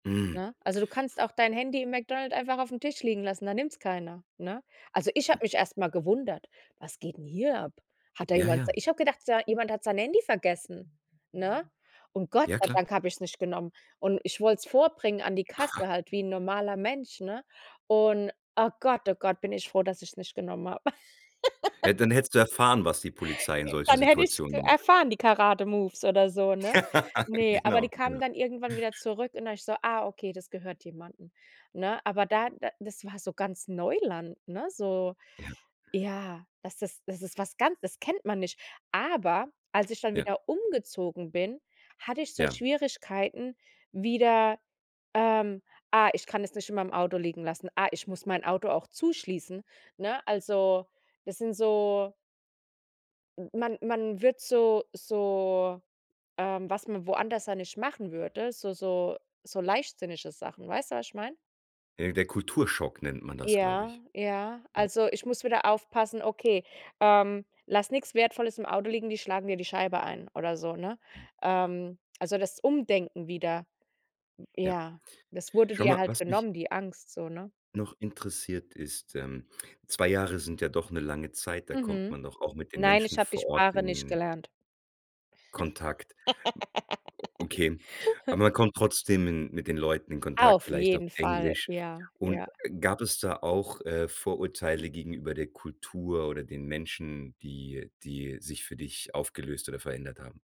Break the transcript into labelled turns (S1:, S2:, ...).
S1: Mhm.
S2: Ne? Also du kannst auch dein Handy im McDonald einfach aufm Tisch liegen lassen, da nimmt's keiner, ne? Also, ich habe mich erst mal gewundert: „Was geht 'n hier ab? Hat da
S1: Ja,
S2: jemand
S1: ja.
S2: sei“ Ich habe gedacht, sei jemand hat sein Handy vergessen, ne? Und Gott
S1: Ja,
S2: sei
S1: klar.
S2: Dank hab ich's nicht genommen. Und ich wollt's vorbringen an die Kasse halt wie 'n normaler Mensch, ne? Und oh Gott, oh Gott, bin ich froh, dass ich's nicht genommen hab.
S1: Ja, dann hättest du erfahren, was die Polizei in solchen
S2: Dann hätte ich's k
S1: Situationen
S2: erfahren, die Karate-Moves oder so, ne? Ne, aber die
S1: Genau,
S2: kamen
S1: genau.
S2: dann irgendwann wieder zurück und da ich so: „Ah, okay, das gehört jemanden“, ne? Aber da da das war so ganz Neuland, ne, so,
S1: Ja.
S2: ja, dass das das ist was ganz das kennt man nicht. Aber, als ich dann
S1: Ja.
S2: wieder umgezogen bin, hatte ich so
S1: Ja.
S2: Schwierigkeiten, wieder, ähm: „Ah, ich kann es nicht in meinem Auto liegen lassen, ah, ich muss mein Auto auch zuschließen“, ne? Also, das sind so M man man wird so so ähm, was man woanders dann nicht machen würde, so so so leichtsinnige Sachen. Weißt du, was ich meine?
S1: Äh, der Kulturschock, nennt man das, glaube
S2: Ja,
S1: ich.
S2: ja.
S1: Ja.
S2: Also, ich muss wieder aufpassen: „Okay, ähm, lass nix Wertvolles im Auto liegen, die schlagen dir die Scheibe ein“ oder so, ne?
S1: Mhm.
S2: Ähm, also das Umdenken wieder.
S1: Ja.
S2: Ja. Das wurde
S1: Schau
S2: dir
S1: mal,
S2: halt
S1: was mich
S2: genommen, die Angst so, ne?
S1: noch interessiert, ist, ähm, 2 Jahre sind ja doch 'ne lange Zeit, da kommt
S2: Mhm.
S1: man doch auch mit den
S2: Nein,
S1: Menschen
S2: ich habe die
S1: vor Ort
S2: Sprache nicht
S1: in
S2: gelernt.
S1: Kontakt. Okay, aber man kommt trotzdem in mit den Leuten in Kontakt,
S2: Auf
S1: vielleicht auf
S2: jeden Fall,
S1: Englisch.
S2: ja,
S1: Und,
S2: ja.
S1: gab es da auch, äh, Vorurteile gegenüber der Kultur oder den Menschen, die die sich für dich aufgelöst oder verändert haben?